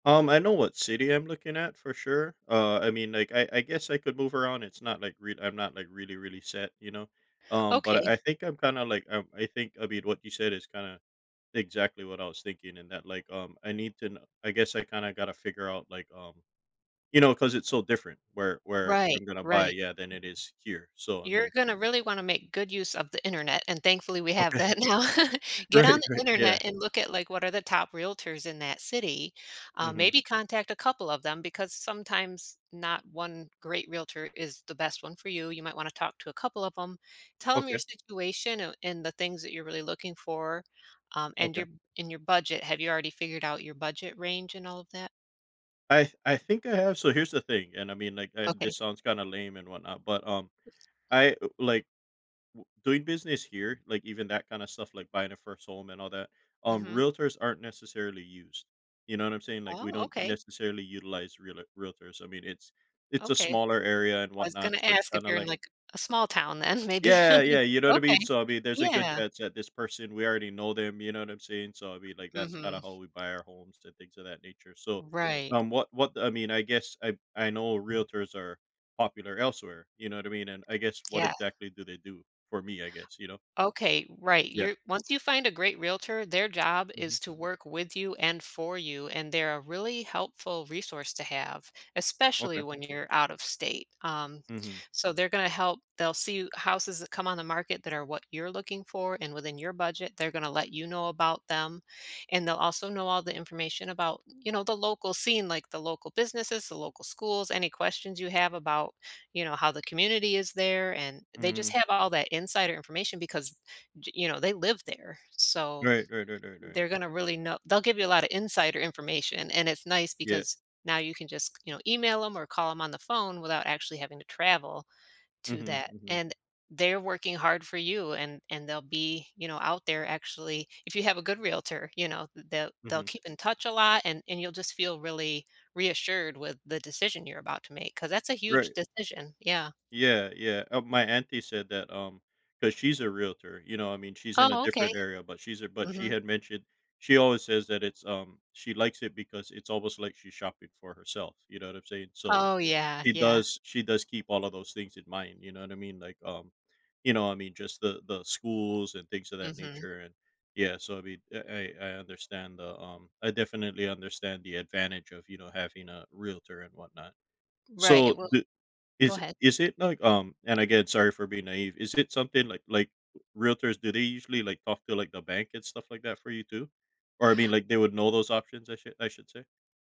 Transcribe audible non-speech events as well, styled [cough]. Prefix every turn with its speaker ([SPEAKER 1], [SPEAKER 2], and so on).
[SPEAKER 1] Um, I know what city I'm looking at for sure, uh, I mean, like, I I guess I could move around, it's not like rea I'm not really, really set, you know, um, but I
[SPEAKER 2] Okay.
[SPEAKER 1] think I'm kinda, like, um, I think a bit what you said is kinda, exactly what I was thinking, and that, like, um, I need to kno I guess I kinda gotta figure out, like, um, you know, 'cause it's so different where where
[SPEAKER 2] Right,
[SPEAKER 1] I'm gonna buy
[SPEAKER 2] right.
[SPEAKER 1] yeah, than it is here, so, I
[SPEAKER 2] You're
[SPEAKER 1] mean
[SPEAKER 2] gonna really wanna make good use of the internet, and, thankfully, we have
[SPEAKER 1] Okay,
[SPEAKER 2] that now. [laughs]
[SPEAKER 1] [chuckles]
[SPEAKER 2] Get on
[SPEAKER 1] right,
[SPEAKER 2] the
[SPEAKER 1] right, yeah.
[SPEAKER 2] internet and look at, like, what are the top realtors in that city, um,
[SPEAKER 1] Mhm.
[SPEAKER 2] maybe contact a couple of them because sometimes not one great realtor is the best one for you, you might wanna talk to a couple of 'em. Tell 'em your
[SPEAKER 1] Okay.
[SPEAKER 2] situation oh and the things that you're really looking for, um, and
[SPEAKER 1] Okay.
[SPEAKER 2] your and your budget. Have you already figured out your budget range and all of that?
[SPEAKER 1] I th I think I have so, here's the thing and I mean, like and,
[SPEAKER 2] Okay.
[SPEAKER 1] this sounds kinda lame, and whatnot, but, um, I, uh, like, w doing business here, like, even that kinda stuff, like, buying a first home and all that, um,
[SPEAKER 2] Mhm.
[SPEAKER 1] realtors aren't necessarily used, you know what I'm saying, like, we
[SPEAKER 2] Oh,
[SPEAKER 1] don't
[SPEAKER 2] okay.
[SPEAKER 1] necessarily utilize realer realtors, I mean, it's it's a
[SPEAKER 2] Okay,
[SPEAKER 1] smaller area and
[SPEAKER 2] I was gonna
[SPEAKER 1] whatnot, so it's
[SPEAKER 2] ask if
[SPEAKER 1] kinda
[SPEAKER 2] you're in,
[SPEAKER 1] like
[SPEAKER 2] like, a small town then maybe
[SPEAKER 1] Yeah, yeah,
[SPEAKER 2] [chuckles]
[SPEAKER 1] you know what I
[SPEAKER 2] Okay,
[SPEAKER 1] mean, so I mean, there's a good
[SPEAKER 2] yeah.
[SPEAKER 1] chance that this person we already know them, you know, what I'm saying, so, I mean, like, that's kinda
[SPEAKER 2] Mhm.
[SPEAKER 1] how we buy our homes and things of that nature, so,
[SPEAKER 2] Right.
[SPEAKER 1] um, what what I mean, I guess I I know realtors are popular elsewhere, you know what I mean, and I guess what
[SPEAKER 2] Yeah.
[SPEAKER 1] exactly do they do for me, I guess, you know.
[SPEAKER 2] Okay, right,
[SPEAKER 1] Yeah.
[SPEAKER 2] you're once you find a great realtor, their job
[SPEAKER 1] Mhm.
[SPEAKER 2] is to work with you, and for you, and they're a really helpful resource to have, especially
[SPEAKER 1] Okay.
[SPEAKER 2] when you're out of state, um,
[SPEAKER 1] Mhm.
[SPEAKER 2] so, they're gonna help they'll see you houses that come on the market that are what you're looking for and within your budget, they're gonna let you know about them, and they'll also know all the information about, you know, the local scene, like, the local businesses, the local schools, any questions you have about, you know, how the community is there, and they
[SPEAKER 1] Mm.
[SPEAKER 2] just have all that insider information because, j you know, they live there, so
[SPEAKER 1] Right, right, right, right, right.
[SPEAKER 2] they're gonna really know they'll give you a lotta insider information, and it's nice
[SPEAKER 1] Yeah.
[SPEAKER 2] because now you can just c you know, email 'em or call 'em on the phone without actually having to travel to
[SPEAKER 1] Mhm,
[SPEAKER 2] that
[SPEAKER 1] mhm.
[SPEAKER 2] and they're working hard for you, and and they'll be, you know, out there actually If you have a good realtor, you know, th they'll they'll
[SPEAKER 1] Mhm.
[SPEAKER 2] keep in touch a lot, and and you'll just feel really reassured with the decision you're about to make, 'cause that's a huge
[SPEAKER 1] Right.
[SPEAKER 2] decision, yeah.
[SPEAKER 1] Yeah, yeah, uh, my auntie said that, um 'cause she's a realtor, you know, I mean, she's in a
[SPEAKER 2] Oh, okay.
[SPEAKER 1] different area, but she's a but she
[SPEAKER 2] Mhm.
[SPEAKER 1] had mentioned she always says that it's, um she likes it because it's almost like she's shopping for herself, you know what I'm saying, so
[SPEAKER 2] Oh, yeah,
[SPEAKER 1] she
[SPEAKER 2] yeah.
[SPEAKER 1] does she does keep all of those things in mind, you know what I mean, like, um, you know, I mean, just the the schools and things of that
[SPEAKER 2] Mhm.
[SPEAKER 1] nature, and, yeah, so, I mean, I I I understand the, um I definitely understand the advantage of, you know, having a realtor and whatnot,
[SPEAKER 2] Right,
[SPEAKER 1] so
[SPEAKER 2] it will
[SPEAKER 1] the
[SPEAKER 2] Go
[SPEAKER 1] is
[SPEAKER 2] ahead.
[SPEAKER 1] is it like, um and again, sorry for being naive, is it something like like realtors, do they usually, like, talk to, like, the bank and stuff like that for you, too, or I mean, like, they would know those options I should I should say.